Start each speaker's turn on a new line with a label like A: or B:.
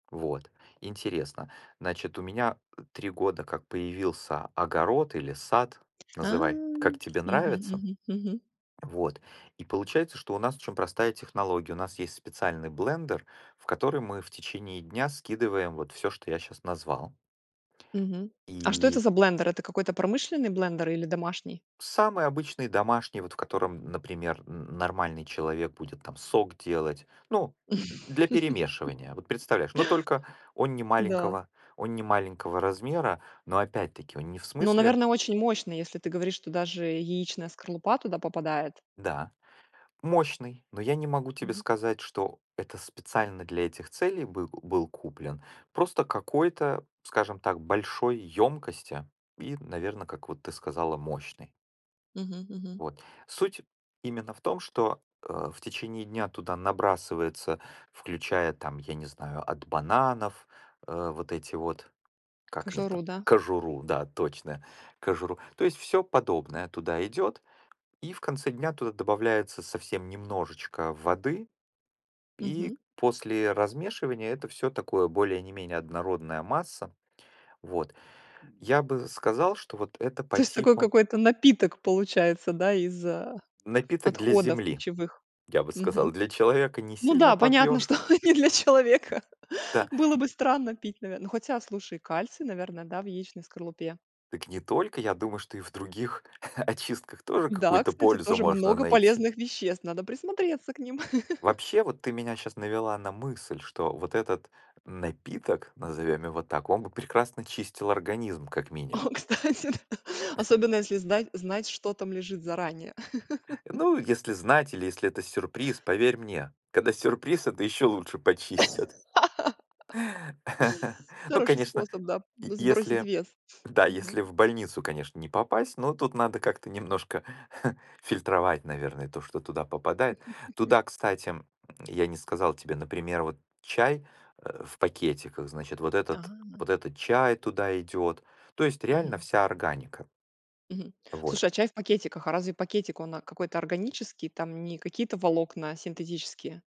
A: Вот, интересно. Значит, у меня, э, 3 года как появился огород или сад.
B: А
A: Называй, как тебе
B: мгм
A: нравится.
B: мгм мгм.
A: Вот. И получается, что у нас очень простая технология- у нас есть специальный блендер, в который мы в течение дня скидываем, вот, всё, что я щас назвал.
B: Мгм. А что это
A: И
B: за блендер? Это какой-то промышленный блендер или домашний?
A: Самый обычный, домашний, вот, в котором, например, н нормальный человек будет, там, сок делать, ну, д для перемешивания, вот, представляешь. Но, только, он
B: Да.
A: немаленького он немаленького размера, но, опять-таки, он не в
B: Но,
A: смысле
B: наверно, очень мощный, если ты говоришь, что даже яичная скорлупа туда попадает.
A: Да, мощный, но я не могу тебе
B: Мгм.
A: сказать, что это специально для этих целей был был куплен. Просто какой-то, скажем так, большой ёмкости и, наверно, как, вот, ты сказала, мощный.
B: Мгм мгм.
A: Вот. Суть именно в том что, э, в течение дня туда набрасывается, включая, там, я не знаю, от бананов, э, вот эти вот, как они
B: Кожуру,
A: там,
B: да?
A: кожуру, да, точно, кожуру. То есть, всё подобное туда идет, и в конце дня туда добавляется совсем немножечко воды, и
B: Мгм.
A: после размешивания это всё такое более ни менее однородная масса, вот. Я бы сказал, что, вот, это
B: То
A: по
B: есть, такой
A: типу
B: какой-то напиток получается, да, из, а,
A: напиток для
B: отходов
A: земли,
B: пищевых?
A: я бы
B: Мгм.
A: сказал. Для человека
B: Ну
A: несильно
B: да, понятно,
A: попьёшь.
B: что не для человека.
A: Да.
B: Было бы странно пить, наверно ну, хотя, слушай, кальций, наверное, да, в яичной скорлупе.
A: Так не только, я думаю, что и в других очистках тоже
B: Да,
A: какую-то
B: кстати,
A: пользу
B: тоже
A: можно
B: много
A: найти.
B: полезных веществ, надо присмотреться к ним.
A: Вообще, вот, ты меня щас навела на мысль, что вот этот напиток, назовём его так, он бы прекрасно чистил организм, как
B: О,
A: минимум.
B: кстати д Особенно, если здать знать, что там лежит заранее.
A: Ну, если знать или если это сюрприз, поверь мне: когда сюрприз- это ещё лучше почистят. Ну,
B: Хороший
A: конечно,
B: способ, да,
A: е
B: сбросить
A: если
B: вес.
A: да,
B: Мгм.
A: если в больницу, конечно, не попасть. Но тут надо как-то немножко фильтровать, наверное, то, что туда попадает. Туда, кстати, я не сказал тебе, например, вот, чай, э, в пакетиках, значит, вот этот
B: А.
A: вот этот чай туда идёт. То есть, реально
B: Мгм.
A: вся органика.
B: Мгм.
A: Вот.
B: Слушай, а чай в пакетиках, а разве пакетик он, а, какой-то органический, там не какие-то волокна синтетические?